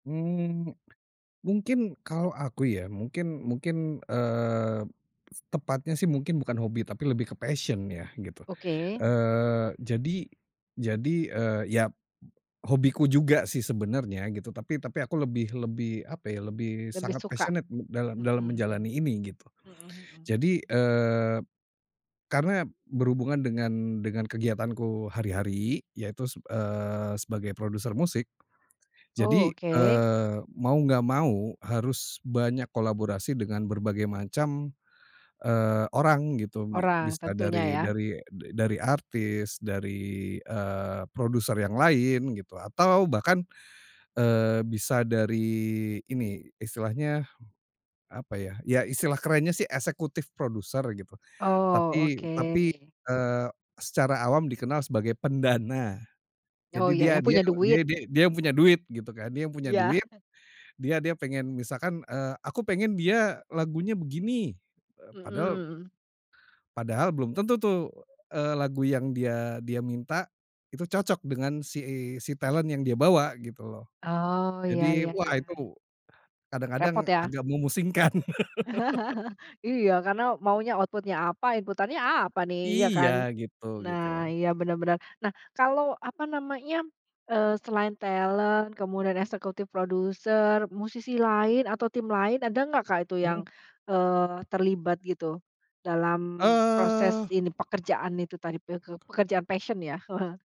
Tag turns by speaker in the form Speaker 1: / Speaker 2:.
Speaker 1: Mmm, mungkin kalau aku ya mungkin mungkin, eee, tepatnya sih mungkin bukan hobi tapi lebih ke passion ya gitu,
Speaker 2: Oke.
Speaker 1: eee, jadi jadi, eee, yap hobiku juga sih sebenarnya gitu. Tapi tapi aku lebih lebih, apa ya, lebih
Speaker 2: Lebih
Speaker 1: sangat
Speaker 2: suka?
Speaker 1: passionate dalam
Speaker 2: Mhm
Speaker 1: dalam
Speaker 2: mhm.
Speaker 1: menjalani ini gitu.
Speaker 2: Mhm mhm.
Speaker 1: Jadi, eee, karena berhubungan dengan dengan kegiatanku hari-hari yaitu seb eee, sebagai produser musik
Speaker 2: Oh,
Speaker 1: jadi,
Speaker 2: oke.
Speaker 1: eee, mau nggak mau harus banyak kolaborasi dengan berbagai macam, eee, orang gitu. Bi
Speaker 2: Orang,
Speaker 1: bisa
Speaker 2: tentunya
Speaker 1: dari
Speaker 2: ya?
Speaker 1: dari da dari artis, dari, eee, produser yang lain gitu, atau bahkan, eee, bisa dari ini, istilahnya apa ya, ya istilah kerennya sih executive producer, gitu.
Speaker 2: Oh,
Speaker 1: Tapi tapi,
Speaker 2: oke.
Speaker 1: eee, secara awam dikenal sebagai pendana,
Speaker 2: Oh
Speaker 1: jadi
Speaker 2: ya,
Speaker 1: dia
Speaker 2: yang
Speaker 1: dia
Speaker 2: punya
Speaker 1: dia
Speaker 2: duit.
Speaker 1: dia dia yang punya duit gitu kan, dia yang punya
Speaker 2: Iya.
Speaker 1: duit, dia dia pengen misalkan, eee, aku pengen dia lagunya begini, eee, padahal
Speaker 2: Mhm.
Speaker 1: padahal belum tentu tuh, eee, lagu yang dia dia minta itu cocok dengan si si talent yang dia bawa gitu loh.
Speaker 2: Oh, iya
Speaker 1: Jadi
Speaker 2: iya
Speaker 1: wah
Speaker 2: iya.
Speaker 1: itu
Speaker 2: Repot
Speaker 1: kadang-kadang
Speaker 2: ya?
Speaker 1: agak memusingkan.
Speaker 2: Iya, karena maunya output-nya apa, inputannya apa nih, iya
Speaker 1: Iya
Speaker 2: kan?
Speaker 1: gitu,
Speaker 2: Nah,
Speaker 1: gitu.
Speaker 2: iya bener-bener. Nah kalau, apa namanya, eee, selain talent kemudian executive producer, musisi lain atau tim lain, ada nggak Kak itu yang,
Speaker 1: Hmm.
Speaker 2: eee, terlibat gitu dalam proses
Speaker 1: Eee
Speaker 2: ini, pekerjaan itu tadi peke pekerjaan passion ya?